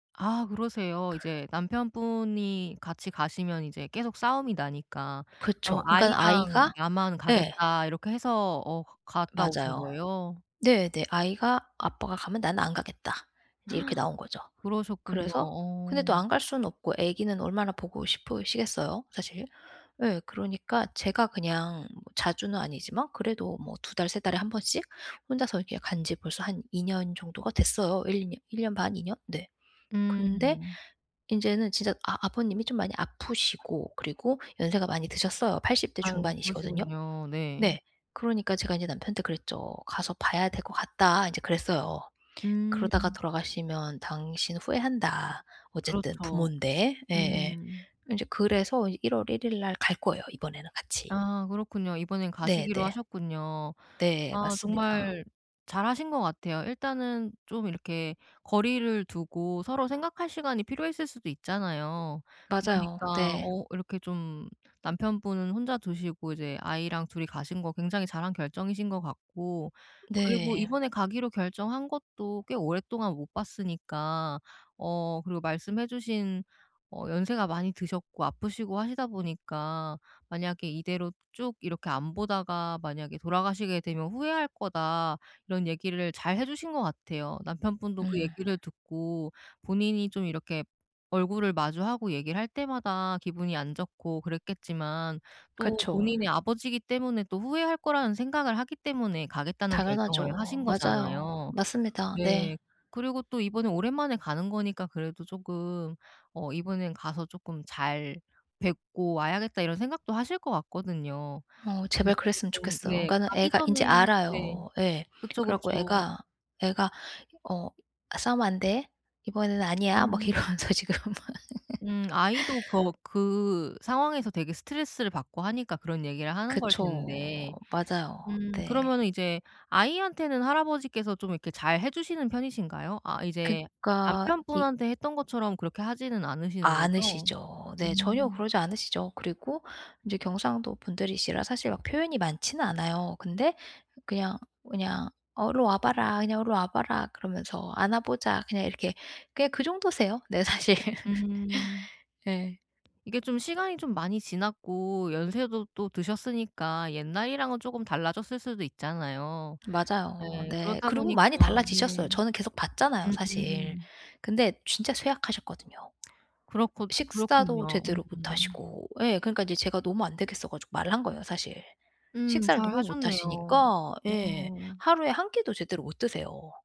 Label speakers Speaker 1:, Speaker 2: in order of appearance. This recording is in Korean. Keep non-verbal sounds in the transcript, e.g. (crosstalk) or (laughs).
Speaker 1: 아 그러세요? 이제 남편분이 같이 가시면 이제 계속 싸움이 나니까 "그럼
Speaker 2: 그쵸. 그러니깐
Speaker 1: 아이랑
Speaker 2: 아이가
Speaker 1: 나만
Speaker 2: 예.
Speaker 1: 가겠다." 이렇게 해서 어 가 갔다 오신
Speaker 2: 맞아요.
Speaker 1: 거예요?
Speaker 2: 네네. 아이가 "아빠가 가면 나는 안 가겠다." 인제 이렇게 나온 거죠.
Speaker 1: (gasps) 그러셨군요.
Speaker 2: 그래서 근데
Speaker 1: 어.
Speaker 2: 또 안 갈 수는 없고 애기는 얼마나 보고 싶으시겠어요, 사실? 예. 그러니까 제가 그냥 뭐 자주는 아니지만 그래도 뭐 2 달, 3 달에 1 번씩 혼자서 이렇게 간 지 벌써 한 2 년 정도가 됐어요. 1-2 년 1 년 반, 2 년? 네. 근데
Speaker 1: 음.
Speaker 2: 인제는 진짜 아 아버님이 좀 많이 아프시고 그리고 연세가 많이 드셨어요. 80 대
Speaker 1: 아유
Speaker 2: 중반이시거든요.
Speaker 1: 그러시군요. 네.
Speaker 2: 네. 그러니까 제가 이제 남편한테 그랬죠. "가서 봐야 될 것 같다." 인제 그랬어요. "그러다가
Speaker 1: 음.
Speaker 2: 돌아가시면 당신 후회한다. 어쨌든
Speaker 1: 그렇죠.
Speaker 2: 부모인데." 예예.
Speaker 1: 음.
Speaker 2: 이제 그래서 1 월 1 일날 갈 거예요, 이번에는 같이.
Speaker 1: 아 그렇군요. 이번엔
Speaker 2: 네네.
Speaker 1: 가시기로 하셨군요.
Speaker 2: 네.
Speaker 1: 아
Speaker 2: 맞습니다.
Speaker 1: 정말 잘하신 것 같아요. 일단은 좀 이렇게 거리를 두고 서로 생각할 시간이 필요했을 수도 있잖아요.
Speaker 2: 맞아요.
Speaker 1: 그러니까
Speaker 2: 네.
Speaker 1: 어 이렇게 좀 남편분은 혼자 두시고 이제 아이랑 2 이 가신 거 굉장히 잘한 결정이신 것 같고 그리고
Speaker 2: 네.
Speaker 1: 이번에 가기로 결정한 것도 꽤 오랫동안 못 봤으니까. 어 그리고 말씀해 주신 어 "연세가 많이 드셨고 아프시고 하시다 보니까 만약에 이대로 쭉 이렇게 안 보다가 만약에 돌아가시게 되면 후회할 거다." 이런 얘기를 잘 해 주신 것 같아요. 남편분도 그
Speaker 2: 음.
Speaker 1: 얘기를 듣고 본인이 좀 이렇게 얼굴을 마주하고 얘기를 할 때마다 기분이 안 좋고 그랬겠지만 또
Speaker 2: 그쵸.
Speaker 1: 본인의 아버지이기 때문에 또 후회할 거라는 생각을 하기 때문에 가겠다는 결정을
Speaker 2: 당연하죠.
Speaker 1: 하신
Speaker 2: 맞아요.
Speaker 1: 거잖아요.
Speaker 2: 맞습니다. 네.
Speaker 1: 네. 그리고 또 이번에 오랜만에 가는 거니까 그래도 조금 어 '이번엔 가서 쪼끔 잘 뵙고 와야겠다.' 이런 생각도 하실 것 같거든요.
Speaker 2: 어 제발
Speaker 1: 그러니까
Speaker 2: 그랬으면
Speaker 1: 조금
Speaker 2: 좋겠어요.
Speaker 1: 네
Speaker 2: 그러니까는
Speaker 1: 가기
Speaker 2: 애가 인제
Speaker 1: 전에 네.
Speaker 2: 알아요. 예.
Speaker 1: 그쵸,
Speaker 2: 그래 갖고
Speaker 1: 그쵸.
Speaker 2: 애가 애가 어 "싸우면 안 돼. 이번에는 아니야." 막
Speaker 1: 음.
Speaker 2: 이러면서 지금 막.
Speaker 1: 음. 아이도 거
Speaker 2: (laughs)
Speaker 1: 그 상황에서 되게 스트레스를 받고 하니까 그런 얘기를 하는 걸
Speaker 2: 그쵸.
Speaker 1: 텐데.
Speaker 2: 맞아요.
Speaker 1: 음
Speaker 2: 네.
Speaker 1: 그러면은 이제 아이한테는 할아버지께서 좀 이렇게 잘 해주시는 편이신가요? 아 이제
Speaker 2: 그러니까 이
Speaker 1: 남편분한테 했던 것처럼 그렇게 하지는 않으시는 거죠?
Speaker 2: 않으시죠. 네. 전혀
Speaker 1: 음.
Speaker 2: 그러지 않으시죠. 그리고 인제 경상도 분들이시라 사실 막 표현이 많지는 않아요. 근데 그냥 그냥 어 "일로 와 봐라. 그냥 일로 와 봐라." 그러면서 "안아보자." 그냥 이렇게 그냥 그 정도세요, 네 사실. (laughs)
Speaker 1: 음.
Speaker 2: 예.
Speaker 1: 이게 좀 시간이 좀 많이 지났고 연세도 또 드셨으니까 옛날이랑은 쪼금 달라졌을 수도 있잖아요.
Speaker 2: 맞아요.
Speaker 1: 예.
Speaker 2: 네.
Speaker 1: 그렇다
Speaker 2: 그리고
Speaker 1: 보니까
Speaker 2: 많이 달라지셨어요.
Speaker 1: 네.
Speaker 2: 저는 계속 봤잖아요 사실.
Speaker 1: 음음.
Speaker 2: 근데 진짜 쇠약하셨거든요.
Speaker 1: 그렇고
Speaker 2: 식사도
Speaker 1: 그렇군요.
Speaker 2: 제대로
Speaker 1: 음음.
Speaker 2: 못하시고. 예. 그러니까 인제 제가 너무 안 되겠어 가지고 말을 한 거예요 사실.
Speaker 1: 음.
Speaker 2: 식사를 너무 못
Speaker 1: 잘하셨네요.
Speaker 2: 하시니까. 예.
Speaker 1: 어.
Speaker 2: 하루에 1 끼도 제대로 못 드세요.